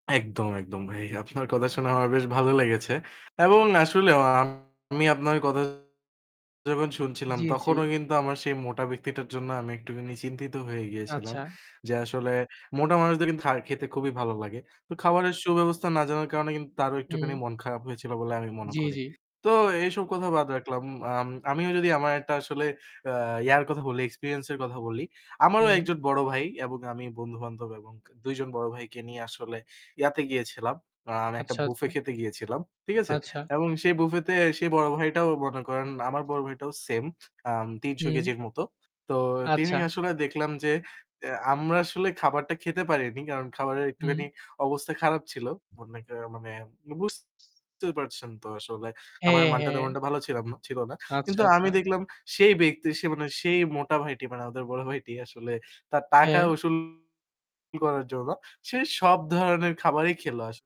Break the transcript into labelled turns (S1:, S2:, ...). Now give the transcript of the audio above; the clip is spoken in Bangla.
S1: একদম, একদম ভাই। আপনার কথা শোনা আমার বেশ ভালো লেগেছে। এবং আসলেও আমি আপনার কথা যখন শুনছিলাম
S2: জি, জি।
S1: তখনও কিন্তু আমার সেই মোটা ব্যক্তিটার জন্য আমি একটুখানি চিন্তিত হয়ে গিয়েছিলাম।
S2: আচ্ছা।
S1: যে আসলে মোটা মানুষদের কিন্তু খা খেতে খুবই ভালো লাগে। তো খাবারের সুব্যবস্থা না জানার কারণে কিন্তু তারও একটুখানি
S2: হুম।
S1: মন খারাপ হয়েছিল বলে আমি মনে
S2: জি,
S1: করি।
S2: জি।
S1: তো এইসব কথা বাদ রাখলাম। আম আমিও যদি আমার একটা আসলে আ ইয়ার কথা বলি, experience এর কথা বলি। আমারও
S2: হুম।
S1: একজন বড় ভাই এবং আমি বন্ধু-বান্ধব এবং ২ জন বড় ভাইকে নিয়ে আসলে ইয়াতে গিয়েছিলাম। [unintelligible] একটা
S2: আচ্ছা,
S1: বুফে
S2: আচ্ছা।
S1: খেতে গিয়েছিলাম। ঠিক আছে?
S2: আচ্ছা।
S1: এবং সেই বুফেতে সেই বড় ভাইটাও মনে করেন, আমার বড় ভাইটাও same আম ৩০০
S2: হুম।
S1: কেজির মতো। তো তিনি
S2: আচ্ছা।
S1: আসলে দেখলাম যে এ্যা আমরা আসলে খাবারটা খেতে পারিনি। কারণ খাবারের
S2: হুম।
S1: একটুখানি অবস্থা খারাপ ছিল। মনে করেন মানে বুঝতে পারছেন তো আসলে খাবারের
S2: হ্যাঁ,
S1: মানটা
S2: হ্যাঁ।
S1: তেমনটা ভালো ছিলাম না, ছিল না।
S2: আচ্ছা,
S1: কিন্তু আমি
S2: আচ্ছা।
S1: দেখলাম সেই ব্যক্তি, সে মানে সেই মোটা ভাইটি মানে আমাদের বড় ভাইটি আসলে তার টাকা
S2: হ্যাঁ।
S1: উসুল করার জন্য সে সব ধরনের খাবারই খেল আস